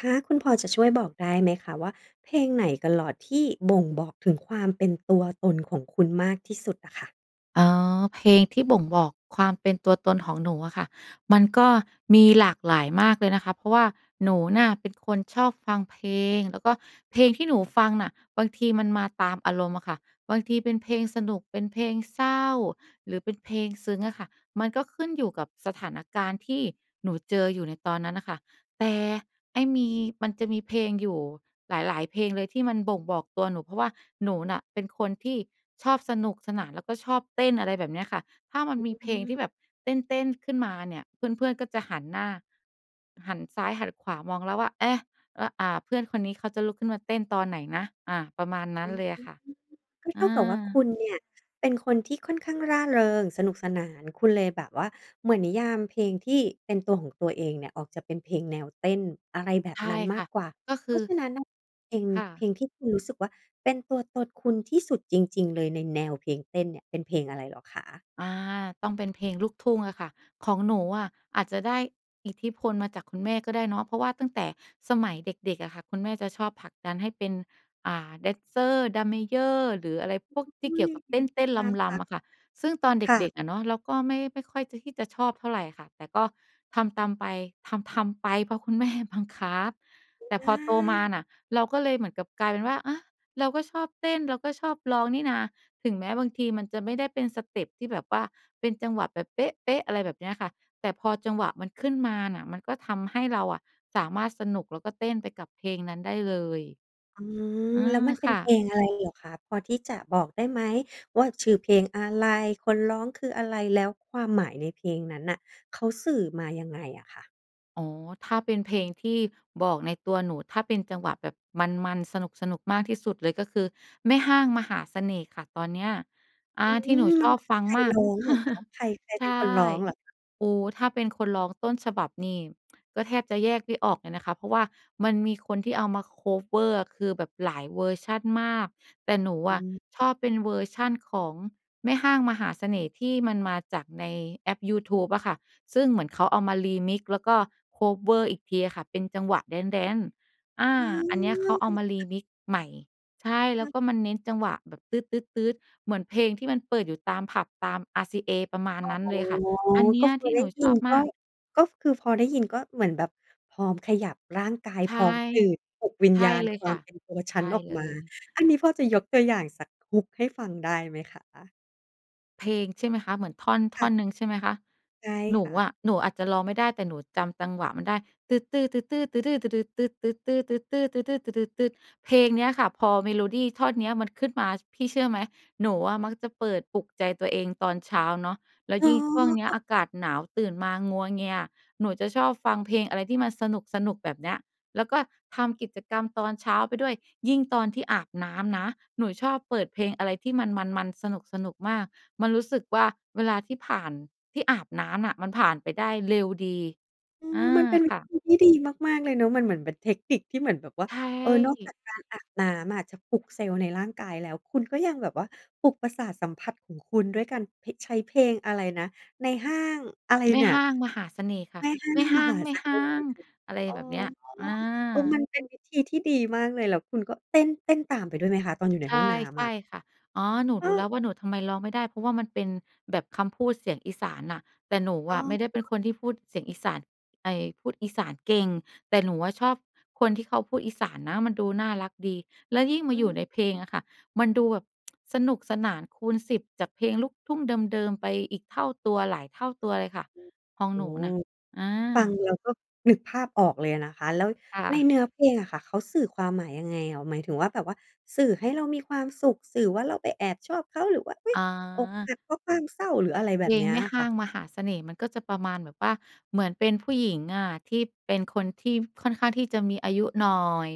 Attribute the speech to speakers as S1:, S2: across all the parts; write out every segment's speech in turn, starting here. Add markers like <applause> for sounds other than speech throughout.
S1: คะ คุณพอจะช่วยบอกได้ไหมคะว่า เพลงไหนตลอดที่บ่งบอกถึงความเป็นตัวตนของคุณมากที่สุดอะค่ะ?
S2: อ๋อ เพลงที่บ่งบอกความเป็นตัวตนของหนูอะค่ะ มันก็มีหลากหลายมากเลยนะคะ เพราะว่าหนูน่ะเป็นคนชอบฟังเพลง แล้วก็เพลงที่หนูฟังน่ะ บางทีมันมาตามอารมณ์อะค่ะ บางทีเป็นเพลงสนุก เป็นเพลงเศร้า หรือเป็นเพลงซึ้งอะค่ะ มันก็ขึ้นอยู่กับสถานการณ์ที่หนูเจออยู่ในตอนนั้นน่ะค่ะ แต่ไอ้มี มันจะมีเพลงอยู่หลาย ๆ เพลงเลยที่มันบ่งบอกตัวหนู เพราะว่าหนูน่ะเป็นคนที่ชอบสนุกสนาน แล้วก็ชอบเต้น อะไรแบบเนี้ยค่ะ ถ้ามันมี
S1: อ
S2: เพ
S1: ื
S2: ลงที
S1: ม
S2: ่แบบเต้น ๆ ขึ้นมาเนี่ย เพื่อน ๆ ก็จะหันหน้า หันซ้ายหันขวามองแล้วว่า เอ๊ะ! อ่า เพื่อนคนนี้เขาจะลุกขึ้นมาเต้นตอนไหนนะ? อา ประมาณนั
S1: อ
S2: ้
S1: ื
S2: น
S1: ม
S2: เลยอะค่ะ
S1: ก็เ
S2: อ
S1: ท่ากับว่า
S2: า
S1: คุณเนี่ยเป็นคนที่ค่อนข้างร่าเริง สนุกสนาน คุณเลยแบบว่า เหมือนนิยามเพลงที่เป็นตัวของตัวเองเนี่ย ออกจะเป็นเพลงแนวเต้น อะไรแบบ
S2: ใช่
S1: นั้นม
S2: ค
S1: า
S2: ่
S1: ก
S2: ะ
S1: กว่า
S2: ก็ค
S1: เพ
S2: ื
S1: รา
S2: อ
S1: ะฉะนั้นน่ะ เพลง
S2: ค่ะ
S1: เพลงที่คุณรู้สึกว่าเป็นตัวตนคุณที่สุดจริง ๆ เลยในแนวเพลงเต้นเนี่ย เป็นเพลงอะไรเหรอคะ?
S2: อา ต้องเป็นเพลงลูกทุ่งอะค่ะ ของหนูอะอาจจะได้อิทธิพลมาจากคุณแม่ก็ได้เนาะ เพราะว่าตั้งแต่สมัยเด็ก ๆ อะค่ะ คุณแม่จะชอบผลักดันให้เป็น อ่า แดนเซอร์ ดรัมเมเยอร์ หรืออะไรพวกที
S1: อ
S2: ่
S1: ุ๊
S2: เกี่
S1: ย!
S2: ยวกับเต้น ๆ
S1: น่า
S2: ร
S1: ร
S2: ำ
S1: ั
S2: ๆ
S1: ก
S2: อะค่ะ ซึ่งตอนเ
S1: ค่
S2: ด็
S1: ะ
S2: ก ๆ อะเนาะ เราก็ไม่ ไม่ค่อยที่จะชอบเท่าไรค่ะ แต่ก็ทำตามไป ทำ ๆ ไป เพราะคุณแม่บังคับ แต่
S1: อ
S2: พอโตมา
S1: า
S2: น่ะ เราก็เลยเหมือนกับกลายเป็นว่า อะ เราก็ชอบเต้น เราก็ชอบร้องนี่นา ถึงแม้บางทีมันจะไม่ได้เป็นสเตปที่แบบว่า เป็นจังหวะแบบเป๊ะ ๆ อะไรแบบเนี้ยค่ะ แต่พอจังหวะมันขึ้นมาน่ะ มันก็ทำให้เราอะสามารถสนุก แล้วก็เต้นไปกับเพลงนั้นได้เลย
S1: อืม
S2: อื
S1: แล้ว
S2: ม
S1: มันเป็
S2: ค
S1: น
S2: ่
S1: เพ
S2: ะ
S1: ลงอะไรเหรอคะ? พอที่จะบอกได้ไหมว่า ชื่อเพลงอะไร คนร้องคืออะไร แล้วความหมายในเพลงนั้นน่ะ เขาสื่อมายังไงอะคะ?
S2: อ๋อ ถ้าเป็นเพลงที่บอกในตัวหนู ถ้าเป็นจังหวะแบบมัน ๆ สนุก ๆ มากที่สุดเลย ก็คือ แม่ฮ้างมหาเสน่ห์ค่ะ ตอนเนี้ย อ่
S1: อ
S2: า
S1: ื
S2: ที่หนู
S1: ม ม
S2: ช
S1: ัน
S2: อบฟัง
S1: ใคร
S2: มา
S1: ร
S2: ก
S1: ้องเหรอคะ?
S2: <chuckles>
S1: ใคร ใคร
S2: ใ
S1: เป
S2: ช
S1: ็น
S2: ่
S1: คนร้องเหรอคะ?
S2: โอ้โฮ ถ้าเป็นคนร้องต้นฉบับนี่ ก็แทบจะแยกไม่ออกเลยนะคะ เพราะว่ามันมีคนที่เอามา คัฟเวอร์ คือแบบหลายเวอร์ชันมาก แต่หนู
S1: อ
S2: อ
S1: ื
S2: ะชอบเป็น
S1: ม
S2: เวอร์ชันของแม่ฮ้างมหาเสน่ห์ ที่มันมาจากในแอปยูทูบอะค่ะ ซึ่งเหมือนเขาเอามา Remix แล้วก็ คัฟเวอร์ อีกทีอะค่ะ เป็นจังหวะแดนซ์ ๆ อา
S1: อ
S2: อันเนี้ยเขาเอา
S1: า
S2: มา Remix ใหม่ ใช่ แล
S1: ค
S2: ้
S1: ่
S2: ว
S1: ะ
S2: ก็มันเน้นจังหวะแบบตื๊ด ๆ ๆ เหมือนเพลงที่มันเปิดอยู่ตามผับ ตาม RCA ประมาณ
S1: อ๋
S2: นั้น
S1: อ
S2: เลยค่ะ อันเนี
S1: ก
S2: ้
S1: ็
S2: ย
S1: พ
S2: ท
S1: อ
S2: ี่
S1: ได
S2: หน
S1: ้
S2: ู
S1: ย
S2: ช
S1: ิ
S2: อ
S1: น
S2: บม
S1: ก็
S2: าก
S1: ก็คือพอได้ยิน ก็เหมือนแบบพร้อมขยับร่างกาย
S2: ใช
S1: พ
S2: ่
S1: ร้อมตื่น ปลุกวิ
S2: ใ
S1: ญ
S2: ช่
S1: ญาณ
S2: เลย
S1: คว
S2: ค
S1: า
S2: ่
S1: ม
S2: ะ
S1: เป็นตัว
S2: ใ
S1: ฉ
S2: ช
S1: ั
S2: ่
S1: นออก
S2: เล
S1: มา
S2: ย
S1: อันนี้พอจะยกตัวอย่างสัก hook ให้ฟังได้ไหมคะ?
S2: เพลงใช่ไหมคะ? เหมือนท่อน ท
S1: ค่
S2: ่อ
S1: ะ
S2: นหนึ่งใช่ไหมคะ?
S1: ใช่
S2: หน
S1: ค
S2: ู
S1: ่ะ
S2: อะ หนูอาจจะร้องไม่ได้ แต่หนูจำจังหวะมันได้ ตึด ตือ ตึด ตื๊อ ตื่อ ดื๊อ ตือ ดึด ตึด ตึด ตือ ตึด ตื๊อ ตื่อ ดื๊อ ตือ ดึด ตึด เพลงเนี้ยค่ะ พอเมโลดีท่อนเนี้ยมันขึ้นมา พี่เชื่อไหม หนูอะมักจะเปิดปลุกใจตัวเองตอนเช้าเนาะ แล้ว
S1: อ
S2: ยิ่งช่วงเนี้ย
S1: ๋อ
S2: อากาศหนาว ตื่นมางัวเงีย หนูจะชอบฟังเพลงอะไรที่มันสนุก ๆ แบบเนี้ย แล้วก็ทำกิจกรรมตอนเช้าไปด้วย ยิ่งตอนที่อาบน้ำนะ หนูชอบเปิดเพลงอะไรที่มันมัน ๆ สนุก ๆ มาก มันรู้สึกว่า เวลาที่ผ่าน ที่อาบน้ำน่ะ มันผ่านไปได้เร็วดี
S1: อื
S2: อ
S1: อ
S2: า
S1: มันเป็น
S2: ค่ะ
S1: วิธีที่ดีมาก ๆ เลยเนอะ มันเหมือนเป็นเทคนิค ที่เหมือนแบบว่า
S2: ใช
S1: เออ นอกจา
S2: ่
S1: กการอาบน้ำอะจะปลุกเซลล์ในร่างกายแล้ว คุณก็ยังแบบว่า ปลุกประสาทสัมผัสของคุณด้วยการ ผิ ใช้เพลง อะไรนะ นายฮ้าง อะไร
S2: แม
S1: เ
S2: ่
S1: นี่ย
S2: ฮ้างมหาเสน่ห์ค่ะ
S1: แม่ฮ้า
S2: แม่
S1: ง
S2: ฮ
S1: ม
S2: ้า
S1: ห
S2: ง
S1: า
S2: แม
S1: เ
S2: ่
S1: ส
S2: ฮ
S1: น
S2: ้
S1: ่
S2: า
S1: ห์
S2: ง อะไร
S1: อ๋อ
S2: แบบเนี้ย อ
S1: เออ ม
S2: า
S1: ันเป็นวิธีที่ดีมากเลย แล้วคุณก็เต้น เต้นตามไปด้วยไหมคะ? ตอนอยู่ใน
S2: ใช
S1: ห้อง
S2: ่
S1: น้
S2: ใช
S1: ำอะ
S2: ่ค่ะ อ๋อ หนู
S1: เ
S2: รู้แ
S1: ออ
S2: ล้วว่า หนูทำไมร้องไม่ได้ เพราะว่ามันเป็นแบบคำพูดเสียงอีสานน่ะ แต่หนู
S1: อ๋
S2: อะไม่ได้เป็
S1: อ
S2: นคนที่พูดเสียงอีสาน ไอ พูดอีสานเก่ง แต่หนูอะชอบคนที่เขาพูดอีสานนะมันดูน่ารักดี แล้วยิ่งมา
S1: อื
S2: อยู่
S1: ม
S2: ในเพลงอะค่ะ มันดูแบบ <tsk> สนุกสนานคูณ 10 จากเพลงลูกทุ่งเดิม ๆ ไปอีกเท่าตัว หลายเท่าตัวเลยค่ะ
S1: โอ้
S2: ของ
S1: โฮ
S2: หนูน่ะ อ
S1: ฟัง
S2: า
S1: แล้วก็นึกภาพออกเลยอะนะคะ แล้ว
S2: ค่
S1: ใน
S2: ะ
S1: เนื้อเพลงอะค่ะ เขาสื่อความหมายยังไงเหรอ? หมายถึงว่าแบบว่า สื่อให้เรามีความสุข สื่อว่าเราไปแอบชอบเขา หรือว่า อุ๊ย
S2: อ
S1: อกห
S2: า
S1: ักเพราะความเศร้า หรืออะไรแ
S2: เ
S1: บ
S2: พ
S1: บ
S2: ล
S1: เน
S2: ง
S1: ี้ย
S2: แม่
S1: อะ
S2: ฮ
S1: ค
S2: ้
S1: ่
S2: า
S1: ะ
S2: งมหาเสน่ห์ มันก็จะประมาณแบบว่า เหมือนเป็นผู้หญิงอะ ที่เป็นคนที่ค่อนข้างที่จะมีอายุหน่อย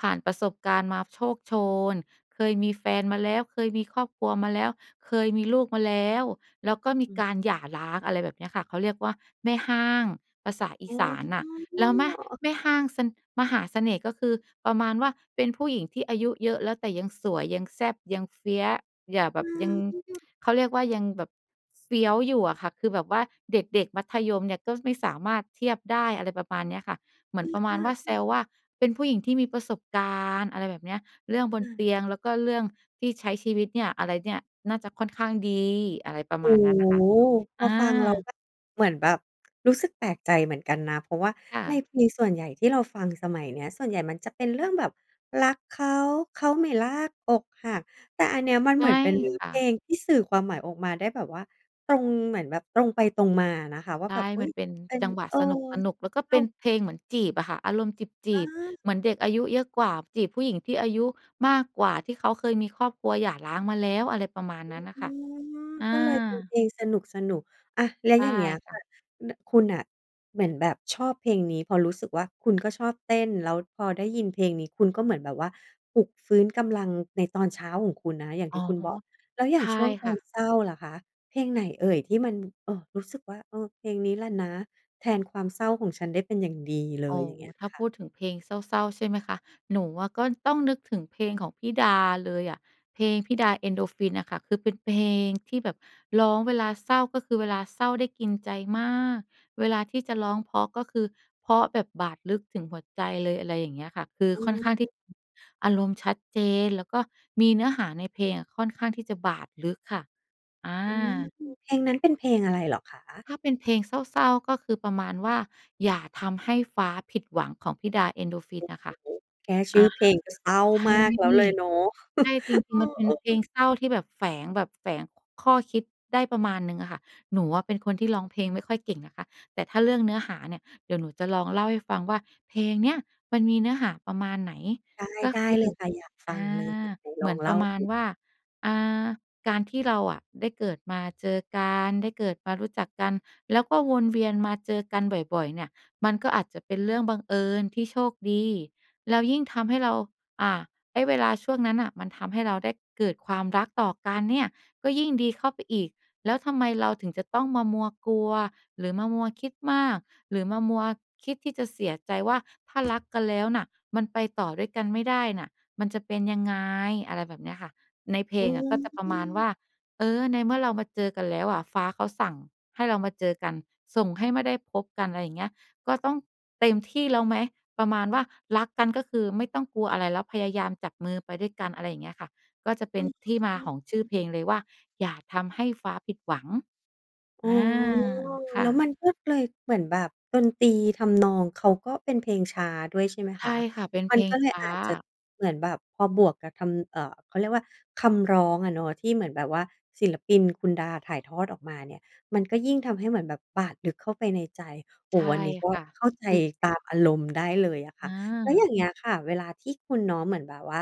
S2: ผ่านประสบการณ์มาโชกโชน เคยมีแฟนมาแล้ว เคยมีครอบครัวมาแล้ว เคยมีลูกมาแล้ว แล้วก็มี
S1: อืม
S2: การหย่าร้าง อะไรแบบเนี้ยค่ะ เขาเรียกว่าแม่ฮ้าง ภาษาอี
S1: อ๋
S2: สานน่ะ แล้วแม
S1: อ
S2: แม่ฮ้างสะ มหาเสน่ห์ ก็คือ ประมาณว่า เป็นผู้หญิงที่อายุเยอะแล้ว แต่ยังสวย ยังแซ่บ ยัง Fierce อย่าแบ
S1: อ
S2: บ ยัง
S1: า
S2: <tsk> เขาเรียกว่ายังแบบเฟี้ยวอยู่อะค่ะ คือแบบว่าเด็ก ๆ มัธยมเนี่ย ก็ไม่สามารถเทียบได้ อะไรประมาณเนี้ยค่ะ เหมื
S1: อ
S2: อ
S1: ื
S2: นป
S1: อ
S2: ระม
S1: อ
S2: าณ
S1: า
S2: ว่า แ
S1: อ
S2: ซ
S1: ือ
S2: วว่า เป็นผู้หญิงที่มีประสบการณ์ อะไรแบบเนี้ย เรื่องบ
S1: อ
S2: นเต
S1: า
S2: ียง แล้วก็เรื่องที่ใช้ชีวิตเนี่ย อะไรเนี่ย น่าจะค่อนข้างดี อะไรประ
S1: โอ
S2: ม
S1: ้
S2: าณนั้นน่ะค่
S1: โ
S2: ะ
S1: ฮ พ
S2: อ
S1: อ
S2: า
S1: ฟังแล้วแบบ เหมือนแบบ รู้สึกแปลกใจเหมือนกันนะ เพราะว่า
S2: ค่
S1: ใน
S2: ะ
S1: เพลงส่วนใหญ่ที่เราฟังสมัยเนี้ย ส่วนใหญ่มันจะเป็นเรื่องแบบ รักเขา เขาไม่รัก อกหัก แต่อันเนี้ยมัน
S2: ใช
S1: เหม
S2: ่
S1: ือนเป็น
S2: ค่
S1: เพล
S2: ะ
S1: งที่สื่อความหมายออกมาได้แบบว่า ตรงเหมือนแบบตรงไปตรงมาอะนะคะ ว่า
S2: ใช่
S1: แบบ อุ๊
S2: มั
S1: ย
S2: นเป็น
S1: เป็น
S2: จังหวะ
S1: เออ
S2: สนุก ๆ แล้วก็
S1: อ
S2: เ
S1: ้
S2: ป
S1: า
S2: ็
S1: ว
S2: นเพลงเหมือนจีบอะค่ะ อารมณ์จี
S1: อ
S2: บ
S1: า
S2: ๆ เหมือนเด็กอายุเยอะกว่า จีบผู้หญิงที่อายุมากกว่า ที่เขาเคยมีครอบครัวหย่าร้างมาแล้ว อะไรประมาณนั้นน่ะ
S1: อื
S2: ค่ะ
S1: ม
S2: อ
S1: ก็เลยเป็น
S2: า
S1: เพลงสนุก ๆ อะ แล้ว
S2: ใช
S1: อ
S2: ่
S1: ย่างเงี้ย
S2: ค่
S1: ค
S2: ะ
S1: ่ะ น คุณน่ะเหมือนแบบชอบเพลงนี้ เพราะรู้สึกว่า คุณก็ชอบเต้น แล้วพอได้ยินเพลงนี้ คุณก็เหมือนแบบว่า ปลุกฟื้นกำลังในตอนเช้าของคุณนะคะ อย่าง
S2: อ
S1: ท
S2: ๋
S1: ี
S2: อ
S1: ่คุณบอก แล้วอ
S2: ใ
S1: ย่
S2: ช
S1: าง
S2: ่
S1: ช่วงต
S2: ค
S1: อ
S2: ่
S1: น
S2: ะ
S1: เศร้าล่ะคะ เพลงไหนเอ่ย? ที่มัน เออ รู้สึกว่า เออ เพลงนี้แหละนะ แทนความเศร้าของฉันได้เป็นอย่างดีเล
S2: อ
S1: ย
S2: ๋อ
S1: อย่างเงี้ย
S2: ถ้า
S1: ค
S2: พ
S1: ่ะ
S2: ูดถึงเพลงเศร้า ๆ ใช่ไหมคะ หนูอะก็ต้องนึกถึงเพลงของพี่ดาเลยอะ เพลงพี่ดา เอ็นโดรฟินน่ะค่ะ คือเป็นเพลงที่แบบร้องเวลาเศร้า ก็คือเวลาเศร้าได้กินใจมาก เวลาที่จะร้องเพราะ ก็คือเพราะแบบบาดลึกถึงหัวใจเลย อะไรอย่างเงี้ยค่ะ คือ
S1: อื
S2: ค่อนข้างที่
S1: ม
S2: อารมณ์ชัดเจน แล้วก็มีเนื้อหาในเพลงอะ ค่อนข้างที่จะบาดลึกค่ะ อ
S1: อืม
S2: า
S1: เพลงนั้นเป็นเพลงอะไรเหรอคะ?
S2: ถ้าเป็นเพลงเศร้า ๆ ก็คือประมาณว่า อย่าทำให้ฟ้าผิดหวัง ของพี่ดา เอ็นโดรฟิ
S1: โอ
S2: น
S1: ้โ
S2: น
S1: ฮ
S2: ่ะค่ะ
S1: แค่ช
S2: อ
S1: ื่
S2: า
S1: อเพลงก็เศร้า
S2: ใช่
S1: มากแล้วเลยเนาะ
S2: ใช่ จ
S1: <chuckles>
S2: ริ
S1: เ
S2: ง ๆ มันเป็น
S1: อ
S2: เพล
S1: อ
S2: ง
S1: ๆ
S2: เศร้าที่แบบแฝง แบบแฝงข้อคิดได้ประมาณหนึ่งอะค่ะ หนูอะเป็นคนที่ร้องเพลงไม่ค่อยเก่งนะคะ แต่ถ้าเรื่องเนื้อหาเนี่ย เดี๋ยวหนูจะลองเล่าให้ฟังว่า เพลงเนี้ยมันมีเนื้อหาประมาณไหน
S1: ได้
S2: ก็
S1: ได
S2: ค
S1: ้
S2: ื
S1: เล
S2: อ
S1: ยค่ะ อยากฟ
S2: อ
S1: ั
S2: า
S1: งเลย ไหน
S2: เห
S1: ล
S2: มื
S1: อ
S2: อ
S1: ง
S2: น
S1: เ
S2: ป
S1: ล
S2: ร
S1: ่
S2: ะ
S1: า
S2: มาณ
S1: สิ
S2: ว่า อ่า การที่เราอะได้เกิดมาเจอกัน ได้เกิดมารู้จักกัน แล้วก็วนเวียนมาเจอกันบ่อย ๆ เนี่ย มันก็อาจจะเป็นเรื่องบังเอิญที่โชคดี แล้วยิ่งทำให้เรา อ่า ไอ้เวลาช่วงนั้นน่ะ มันทำให้เราได้เกิดความรักต่อกันเนี่ย ก็ยิ่งดีเข้าไปอีก แล้วทำไมเราถึงจะต้องมามัวกลัว หรือมามัวคิดมาก หรือมามัวคิดที่จะเสียใจว่า ถ้ารัก กันแล้วน่ะ มันไปต่อด้วยกันไม่ได้น่ะ มันจะเป็นยังไง อะไรแบบเนี้ยค่ะ ในเพล
S1: อื
S2: งอะก็จะประมาณว
S1: ม
S2: ่า เออ ในเมื่อเรามาเจอกันแล้วอะ ฟ้าเขาสั่งให้เรามาเจอกัน ส่งให้มาได้พบกัน อะไรอย่างเงี้ย ก็ต้องเต็มที่แล้วไหม ประมาณว่า รักกันก็คือไม่ต้องกลัวอะไรแล้ว พยายามจับมือไปด้วยกัน อะไรอย่างเงี้ยค่ะ ก็จะเป
S1: อ
S2: ็
S1: ื
S2: นที่มาของชื่อเ
S1: ม
S2: พลงเลยว่า อย่าทำให้ฟ้าผิดหวัง
S1: อ๋
S2: อ
S1: อ
S2: า ค่
S1: แล้วม
S2: ะ
S1: ันก็เลย เหมือนแบบดนตรี ทำนอง เขาก็เป็นเพลงช้าด้วยใช่ไหม
S2: ใช
S1: ค
S2: ่
S1: ะ?
S2: ค่ะ เป็น
S1: ม
S2: เ
S1: ั
S2: พ
S1: น
S2: ล
S1: ก
S2: ง
S1: ็เล
S2: ช
S1: ย
S2: ้
S1: อ
S2: า
S1: าจจะ เหมือนแบบพอบวกกับทำ เอ่อ เขาเรียกว่า คำร้องอะเนาะ ที่เหมือนแบบว่า ศิลปินคุณดาถ่ายทอดออกมาเนี่ย มันก็ยิ่งทำให้เหมือนแบบบาดลึกเข้าไปในใจ โอ
S2: ใ
S1: ้
S2: ช
S1: โฮ
S2: ่
S1: อันนี้ก็
S2: ค่ะ
S1: เข้าใจ
S2: คือ
S1: ตามอารมณ์ได้เลยอะค่ะ
S2: อ
S1: แล้วอย
S2: า
S1: ่างเงี้ยค่ะ เวลาที่คุณเนาะ เหมือนแบบว่า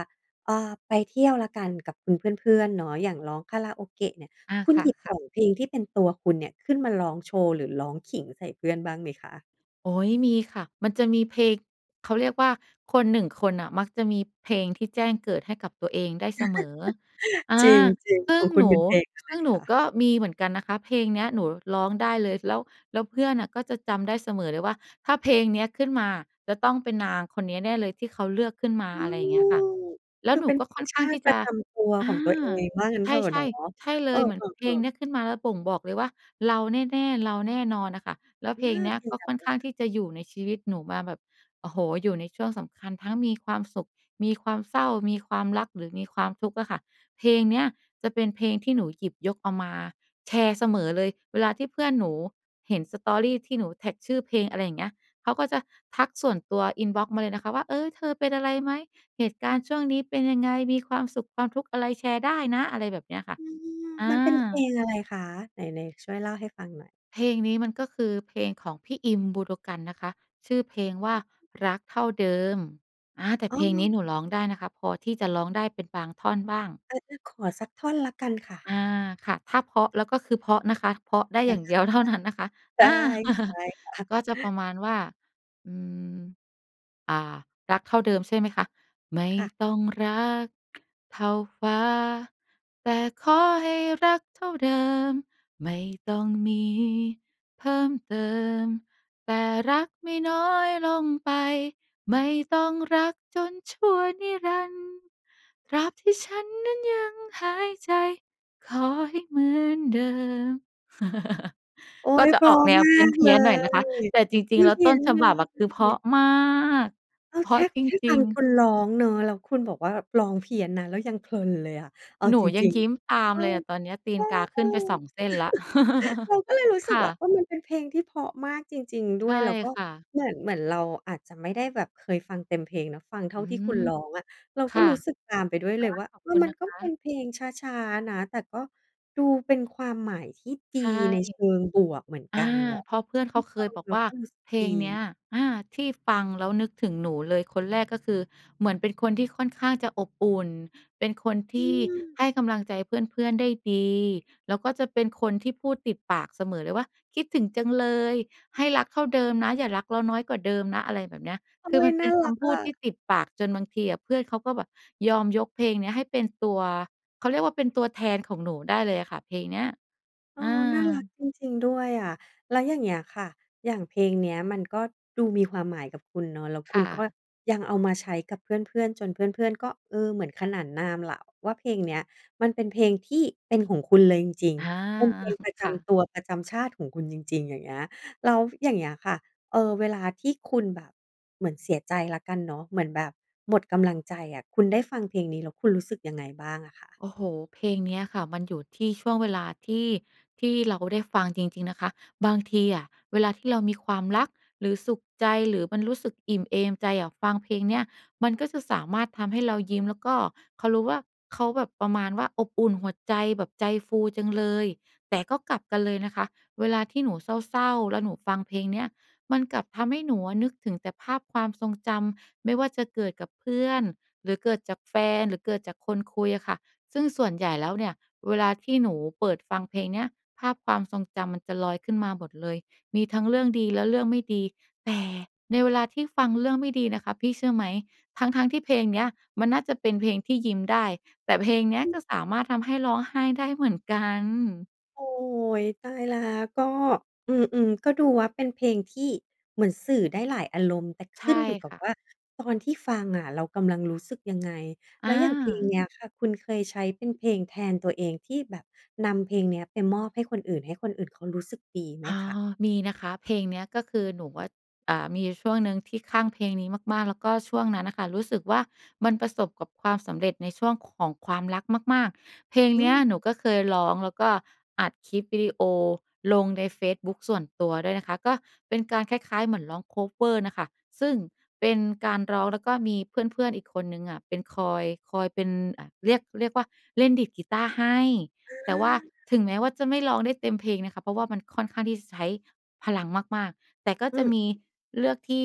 S1: อ่า ไปเที่ยวแล้วกัน กับคุณเพื่อน ๆ เนาะ อย่างร้องคาราโอเกะเนี่ย
S2: อา
S1: คุณ
S2: ค
S1: หยิบ
S2: ่
S1: ส
S2: ะ ๆ
S1: อง เพลงที่เป็นตัวคุณเนี่ย ขึ้นมาร้องโชว์ หรือร้องขิงใส่เพื่อนบ้างไหมคะ?
S2: โอ๊ย มีค่ะ มันจะมีเพลง เขาเรียกว่า คน 1 คนน่ะ มักจะมีเพลงที่แจ้งเกิดให้กับตัวเองได้เสมอ
S1: <chuckles>
S2: อ
S1: จ
S2: า
S1: ริง
S2: ซ
S1: ๆ
S2: ึ
S1: ข
S2: ่
S1: อ
S2: ง
S1: งคุ
S2: ห
S1: ณ
S2: น
S1: เป
S2: ู
S1: ็นเพลงอะไ
S2: ซ
S1: ร
S2: ึ่งหน
S1: ค
S2: ู
S1: ะ?
S2: ก็มีเหมือนกันนะคะ เพลงเนี้ยหนูร้องได้เลย แล้ว แล้วเพื่อนน่ะ ก็จะจำได้เสมอเลยว่า ถ้าเพลงเนี้ยขึ้นมา จะต้องเป็นนางคนนี้แน่เลยที่เขาเลือกขึ้นมา
S1: อื
S2: อะไรเงี้ยค่ะ
S1: ม
S2: แล
S1: ค
S2: ้ว
S1: ือ
S2: หน
S1: เ
S2: ู
S1: ป็น
S2: ก
S1: เ
S2: ็
S1: พล
S2: ค่
S1: ง
S2: อน
S1: ช
S2: ข้า
S1: า
S2: ง
S1: ต
S2: ท
S1: ิ
S2: ี่
S1: ป
S2: จ
S1: ระ
S2: ะ
S1: จำตัว
S2: อ
S1: ขอ
S2: า
S1: งตัวเอง ว่างั้น
S2: ใช
S1: เถ
S2: ่
S1: อะเนาะ
S2: ๆ ใช่เล
S1: เออ
S2: ย เหมือนเพลง
S1: ๆ
S2: เ
S1: ๆ
S2: นี้ยขึ้นมา แล้วบ่งบอกเลยว่า เราแน่ ๆ เราแน่นอนน่ะค่ะ แล้ว
S1: อ
S2: เพลง
S1: า
S2: เนี้ย
S1: เพล
S2: ก
S1: ง
S2: ็
S1: แบ
S2: ค
S1: บ
S2: ่
S1: โ
S2: อนข
S1: บ
S2: ้าง
S1: ราณ
S2: ที่จะอยู่ในชีวิตหนูมาแบบ โอ้โฮ อยู่ในช่วงสำคัญ ทั้งมีความสุข มีความเศร้า มีความรัก หรือมีความทุกข์อะค่ะ เพลงเนี้ยจะเป็นเพลงที่หนูหยิบยกเอามาแชร์เสมอเลย เวลาที่เพื่อนหนูเห็น Story ที่หนูแท็กชื่อเพลง อะไรอย่างเงี้ย เขาก็จะทักส่วนตัว อินบอกซ์มาเลยนะคะว่า เออ เธอเป็นอะไรไหม เหตุการณ์ช่วงนี้เป็นยังไง มีความสุข ความทุกข์อะไร แชร์ได้นะ อะไรแบบเนี้ยค่ะ
S1: อืม
S2: อ
S1: มันเป็นเพล
S2: า
S1: งอะไรคะ? ไหน ๆ ช่วยเล่าให้ฟังหน่อย
S2: เพลงนี้มันก็คือเพลงของพี่อิน บูโดกันนะคะ ชื่อเพล
S1: อ
S2: งว
S1: ๋
S2: ่า
S1: อ
S2: รักเท่าเดิม อา แต่
S1: อ
S2: เ
S1: ้
S2: พลงนี้หน
S1: อ
S2: ูร้องได้นะคะ พอที่จะร้องได้เป็นบางท่อนบ้าง
S1: เออ งั้นขอสักท่อนแล้วกันค่ะ
S2: อา ค่ะ ถ้าเพราะแล้ว ก็คือเพราะนะคะ เพราะได้
S1: ได
S2: อ
S1: ้
S2: ย่างเดียวเท่านั้นนะคะ
S1: ได
S2: อา
S1: ้ ได
S2: <chuckles>
S1: ้ค่ะ
S2: ก็จะปร
S1: <chuckles>
S2: ะมาณว่า อืม อ่า รักเท่าเดิมใช่ไหมคะ ไม่
S1: ค่ะ
S2: ต้องรัก เท่าฟ้า แต่ขอให้รักเท่าเดิม ไม่ต้องมีเพิ่มเติม แต่รักไม่น้อยลงไป ไม่ต้องรักจนชั่วนิรันดร์ ตราบที่ฉันนั้นยังหายใจ ขอให้เหมือนเดิม <chuckles>
S1: โอ๊
S2: ก็
S1: ย
S2: จะ
S1: เพร
S2: อ
S1: า
S2: อก
S1: ะ
S2: แนว
S1: มา
S2: เพ
S1: กเล
S2: ี้ยน ๆ หน่อยนะคะ
S1: ย
S2: แต่จร
S1: ไ
S2: ิ
S1: ม
S2: ง ๆ
S1: ่
S2: แล้
S1: เ
S2: ว
S1: พี
S2: ต
S1: ้ย
S2: ้น
S1: น
S2: ฉ
S1: เล
S2: บับอะ คือเพรา
S1: ย
S2: ะมาก
S1: เออ
S2: เพร
S1: แค
S2: าะ
S1: ่
S2: จ
S1: แค่
S2: ร
S1: ฟั
S2: ิง
S1: งคุ
S2: ๆ
S1: ณร้องเนาะ แล้วคุณบอกว่าร้องเพี้ยนนะ เรายังเพลินเลยอะ เอา
S2: หนู
S1: จ
S2: ยั
S1: ร
S2: ง
S1: ิง
S2: ยิ้มตา
S1: ๆ เ
S2: ม
S1: ออ
S2: เลยอะตอนเนี้ย ตี
S1: เอ
S2: น
S1: อ
S2: กาขึ้นไป 2
S1: ๆ
S2: เส้นแล้ว
S1: <chuckles> เรา
S2: <chuckles>
S1: ก็เลยรู้สึ
S2: ค
S1: ก
S2: ่
S1: ว่า
S2: ะ
S1: เออ มันเป็นเพลงที่เพราะมากจริง ๆ ด
S2: ใ
S1: ้
S2: ช
S1: ว
S2: ่
S1: ย แล้วก็
S2: ค่ะ
S1: เหมือน เหมือนเราอาจจะไม่ได้แบบเคยฟังเต็มเพลงเนาะ ฟังเท่
S2: อ
S1: า
S2: ื
S1: ที่
S2: ม
S1: คุณร้องอะ เรา
S2: ค
S1: ก็
S2: ่ะ
S1: รู้สึก
S2: ก
S1: ตามไปด้วยเลย
S2: ็
S1: ว่า
S2: ขอบ
S1: เออ
S2: คุณ
S1: มั
S2: น
S1: น
S2: ะ
S1: ก
S2: ค
S1: ็เป็
S2: ะ
S1: นเพลงช้า ๆ นะ แต่ก็ดูเป็นความหมายที่ด
S2: ใ
S1: ี
S2: ช่
S1: ในเชิงบวกเหมือน
S2: อา
S1: กันเนาะ
S2: เพราะเพื่อน
S1: ค
S2: เข
S1: ื
S2: า
S1: อ
S2: เค
S1: ฟั
S2: ย
S1: ง
S2: บอก
S1: แล้
S2: ว
S1: ว
S2: ่า
S1: ก็รู้สึก
S2: เพล
S1: ด
S2: งเน
S1: ี
S2: ี้ย อา ที่ฟังแล้วนึกถึงหนูเลย คนแรกก็คือ เหมือนเป็นคนที่ค่อนข้างจะอบอุ่น เป็นคนท
S1: อ
S2: ี่
S1: ือ
S2: ให้กำลังใจเพื่อน ๆ ได้ดี แล้วก็จะเป็นคนที่พูดติดปากเสมอเลยว่า คิดถึงจังเลย ให้รักเท่าเดิมนะ อย่ารักเราน้อยกว่าเดิมนะ อะไรแบบเนี้ย
S1: โอ๊
S2: คือม
S1: ย
S2: ันเ
S1: น
S2: ป
S1: ่
S2: ็
S1: า
S2: นค
S1: รัก
S2: ำพ
S1: อ
S2: ูดท
S1: ะ
S2: ี่ติดปากจนบางทีอะ เพื่อนเขาก็แบบยอมยกเพลงเนี้ยให้เป็นตัว เขาเรียกว่า เป็นตัวแทนของหนูได้เลยอะค่ะ เพลงเนี้ย
S1: เอ
S2: อา
S1: อ น่ารักจริง ๆ ด้วยอะ แล้วอย่างเงี้ยค่ะ อย่างเพลงเนี้ย มันก็ดูมีความหมายกับคุณเนอะ แล้ว
S2: ค
S1: คุ
S2: ่
S1: ณก็
S2: ะ
S1: ยังเอามาใช้กับเพื่อน ๆ จนเพื่อน ๆ ก็ เออ เหมือนขนานนามล่ะ ว่าเพลงเนี้ยมันเป็นเพลงที่เป็นของคุณเลยจริง
S2: อา
S1: ๆ เป็นเพลงป
S2: <chuckles>
S1: ระ
S2: ค
S1: จ
S2: ่ะ
S1: ำตัว ประจำชาติของคุณจริง ๆ อย่างเงี้ย แล้วอย่างเงี้ยค่ะ เออ เวลาที่คุณแบบเหมือนเสียใจแล้วกันเนาะ เหมือนแบบหมดกำลังใจอะ คุณได้ฟังเพลงนี้ แล้วคุณรู้สึกยังไงบ้างอะคะ?
S2: โอ้โฮ เพลงเนี้ยค่ะ มันอยู่ที่ช่วงเวลา ที่ ที่เราได้ฟังจริง ๆ นะคะ บางทีอะ เวลาที่เรามีความรัก หรือสุขใจ หรือมันรู้สึกอิ่มเอมใจอะ ฟังเพลงเนี่ย มันก็จะสามารถทำให้เรายิ้ม แล้วก็เขารู้ว่า เขาแบบประมาณว่า อบอุ่นหัวใจ แบบใจฟูจังเลย แต่ก็กลับกันเลยนะคะ เวลาที่หนูเศร้า ๆ แล้วหนูฟังเพลงเนี้ย มันกลับทำให้หนูอะนึกถึงแต่ภาพความทรงจำ ไม่ว่าจะเกิดกับเพื่อน หรือเกิดจากแฟน หรือเกิดจากคนคุยอะค่ะ ซึ่งส่วนใหญ่แล้วเนี่ย เวลาที่หนูเปิดฟังเพลงเนี้ย ภาพความทรงจำมันจะลอยขึ้นมาหมดเลย มีทั้งเรื่องดีและเรื่องไม่ดี แต่ในเวลาที่ฟังเรื่องไม่ดีนะคะ พี่เชื่อไหม ทั้ง ๆ ที่เพลงเนี้ยมันน่าจะเป็นเพลงที่ยิ้มได้ แต่เพลงเนี้ย
S1: อือ
S2: ก็สามารถทำให้ร้องไห้ได้เหมือนกัน
S1: โอ้โฮ! ตายแล้ว ก็ อืม ๆ ก็ดูว่าเป็นเพลงที่เหมือนสื่อได้หลายอารมณ์ แต่
S2: ใ
S1: ข
S2: ช
S1: ึ
S2: ่
S1: ้นอยู่กั
S2: ค
S1: บ
S2: ่
S1: ว่
S2: ะ
S1: า ตอนที่ฟังอะเรากำลังรู้สึกยังไง แล
S2: อ
S1: ้วอย่างเพลง
S2: า
S1: เนี้ยค่ะ คุณเคยใช้เป็นเพลงแทนตัวเอง ที่แบบนำเพลงเนี้ยไปมอบให้คนอื่น ให้คนอื่นเขารู้สึกดีไหม
S2: อา
S1: คะ?
S2: มีนะคะเพลงเนี้ย ก็คือหนูอะ อ่า มีช่วงหนึ่งที่คลั่งเพลงนี้มาก ๆ แล้วก็ช่วงนั้นน่ะค่ะรู้สึกว่า มันประสบกับความสำเร็จในช่วงของความรักมาก ๆ เพลง
S1: อ
S2: เนี้ย
S1: ืม
S2: หนูก็เคยร้อง แล้วก็อัดคลิปวิดีโอลงในเฟซบุ๊กส่วนตัวด้วยนะคะ ก็เป็นการคล้าย ๆ เหมือนร้อง คัฟเวอร์ น่ะค่ะ ซึ่งเป็นการร้องแล้วก็มีเพื่อน ๆ อีกคนหนึ่งอะเป็นคอย คอยเป็นอะ เรียก เรียกว่าเล่นดีดกีตาร์ให้
S1: อ
S2: แต่ว่า
S1: า
S2: ถึงแม้ว่าจะไม่ร้องได้เต็มเพลงนะคะ เพราะว่ามันค่อนข้างที่ ซ ใช้พลังมาก ๆ แต่ก็
S1: อื
S2: จะ
S1: ม
S2: มี
S1: ๆ
S2: เลือกที่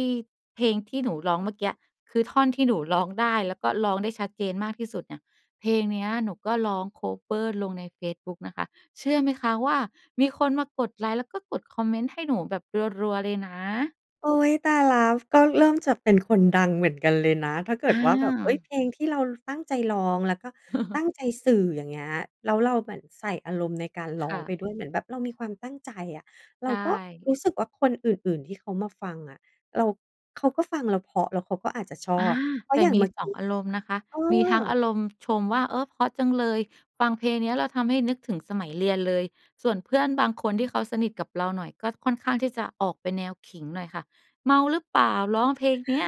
S2: เพลงที่หนูร้องเมื่อกี๊อะ คือท่อนที่หนูร้องได้ แล้วก็ร้องได้ชัดเจนมากที่สุดเนี่ย เพลงเนี้ยหนูก็ร้อง คัฟเวอร์ ลงในเฟซบุ๊กนะคะ เชื่อไหมคะว่ามีคนมากดไลก์ แล้วก็กดคอมเมนต์ให้หนูแบบรัว ๆ เลยนะ?
S1: โอ๊ย! ตายแล้ว ก็เริ่มจะเป็นคนดังเหมือนกันเลยนะ ถ้าเกิ
S2: อ
S1: ดว่าแบบ เฮ้ย!
S2: า
S1: เพลงที่เราตั้งใจร้อง แล้วก็ตั
S2: <chuckles>
S1: ้งใจสื่อ อย่างเงี้ย แล้วเราเหมือนใส่อารมณ์ในการร้
S2: ค
S1: อง
S2: ่
S1: ไป
S2: ะ
S1: ด้วย เหมือนแบบเรามีความตั้งใจอะ เร
S2: ใช
S1: าก็
S2: ่
S1: รู้สึกว่าคนอื่น ๆ ที่เขามาฟังอะ เรา เขาก็ฟังเราเพราะ แล้วเขาก็อาจจะชอ
S2: อา
S1: บ เพรา
S2: แ
S1: ะ
S2: ต่
S1: อย่าง
S2: ม
S1: เ
S2: ี
S1: มื่อ
S2: ส
S1: ก
S2: อ
S1: ี
S2: ง
S1: ๊
S2: อารมณ์นะคะ
S1: เออ
S2: มีทั้งอารมณ์ชมว่า เออ เพราะจังเลย ฟังเพลงเนี้ยแล้วทำให้นึกถึงสมัยเรียนเลย ส่วนเพื่อนบางคนที่เขาสนิทกับเราหน่อย ก็ค่อนข้างที่จะออกเป็นแนวขิงหน่อยค่ะ เมาหรือเปล่า ร้องเพลงเนี้ย?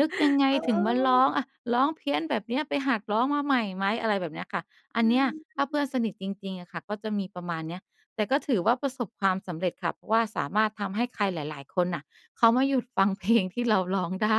S2: นึกยังไง
S1: เอ
S2: ถึงมาร้อ
S1: อ
S2: ง? อะ ร้องเพี้ยนแบบเนี้ย ไปหัดร้องมาใหม่ไหม? อะไรแบบเนี้ยค่ะ อั
S1: อ
S2: น
S1: ื
S2: เนี้ย
S1: อ ใช่
S2: ถ้า
S1: ค
S2: เพื
S1: ่
S2: ่อ
S1: ะ
S2: นสนิทจริง ๆ อะค่ะ ก็จะมีประมาณเนี้ย แต่ก็ถือว่าประสบความสำเร็จค่ะ เพราะว่าสามารถทำให้ใครหลาย ๆ คนน่ะ เขามาหยุดฟัง เพลงที่เราร้องได้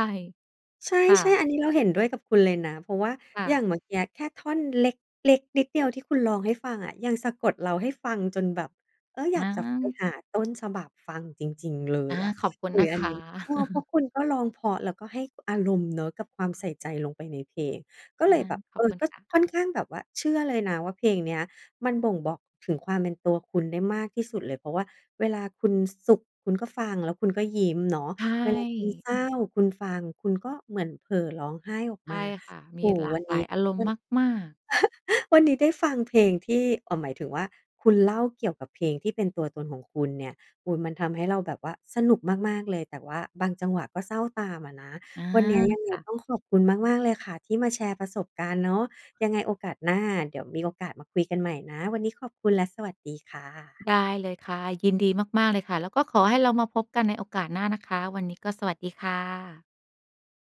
S1: ใช
S2: ค่
S1: ่
S2: ะ
S1: ๆ อันนี้เราเห็นด้วยกับคุณเลยนะ เพราะว่า
S2: ค่
S1: อย่
S2: ะ
S1: างเมื่อกี๊อะแค่ท่อนเล็ก เล็กนิดเดียวที่คุณร้องให้ฟังอะ ยังสะกดเราให้ฟังจนแบบ เออ อย
S2: อ
S1: ากจะ ฟ ไป
S2: า
S1: หาต้นฉบับฟังจริง ๆ เล
S2: อ
S1: ย
S2: า
S1: อะ
S2: ขอบคุณ
S1: เอ
S2: นะ
S1: อ อ
S2: ค
S1: ันน
S2: ะ
S1: ี้ เออ เพรา
S2: <chuckles>
S1: ะคุณก็ร้องเพราะ แล้วก็ให้อารมณ์เนาะกับความใส่ใจลงไปในเพลง ก็
S2: อ
S1: เล
S2: า
S1: ยแบบ
S2: ข
S1: เอ
S2: อบ
S1: อ
S2: คุณ
S1: ก็
S2: ค่ะ
S1: ค่อนข้างแบบว่าเชื่อเลยนะว่า เพลงเนี้ยมันบ่งบอกถึงความเป็นตัวคุณได้มากที่สุดเลย เพราะว่าเวลาคุณ ส สุข คุณก็ฟัง แล้วคุณก็ยิ้มเนาะ
S2: ใช
S1: เวลาคุณ
S2: ่
S1: เศร้า คุณฟัง คุณก็เหมือนเผลอร้องไห้ออก
S2: ใช
S1: มา
S2: ่ค่ะ ม
S1: โอ
S2: ี
S1: ้โฮ!
S2: หลา
S1: วั
S2: ก
S1: น
S2: หล
S1: นี
S2: า
S1: ้
S2: ยอารม
S1: ก
S2: ณ
S1: ็
S2: ์มาก ๆ
S1: <chuckles> วันนี้ได้ฟังเพลงที่ เอ่อ หมายถึงว่าคุณเล่าเกี่ยวกับเพลงที่เป็นตัวตนของคุณเนี่ย เออ มันทำให้เราแบบว่าสนุกมาก ๆ เลย แต่ว่าบางจังหวะก็เศร้าตามอะนะ
S2: อา
S1: วันเนี้ยยังไง
S2: ค่ะ
S1: ต้องขอบคุณมาก ๆ เลยค่ะที่มาแชร์ประสบการณ์เนาะ ยังไงโอกาสหน้า เดี๋ยวมีโอกาสมาคุยกันใหม่นะ วันนี้ขอบคุณ และสวัสดีค่ะ
S2: ได้เลยค่ะ ยินดีมาก ๆ เลยค่ะ แล้วก็ขอให้เรามาพบกันในโอกาสหน้านะคะ วันนี้ก็สวัสดีค่ะ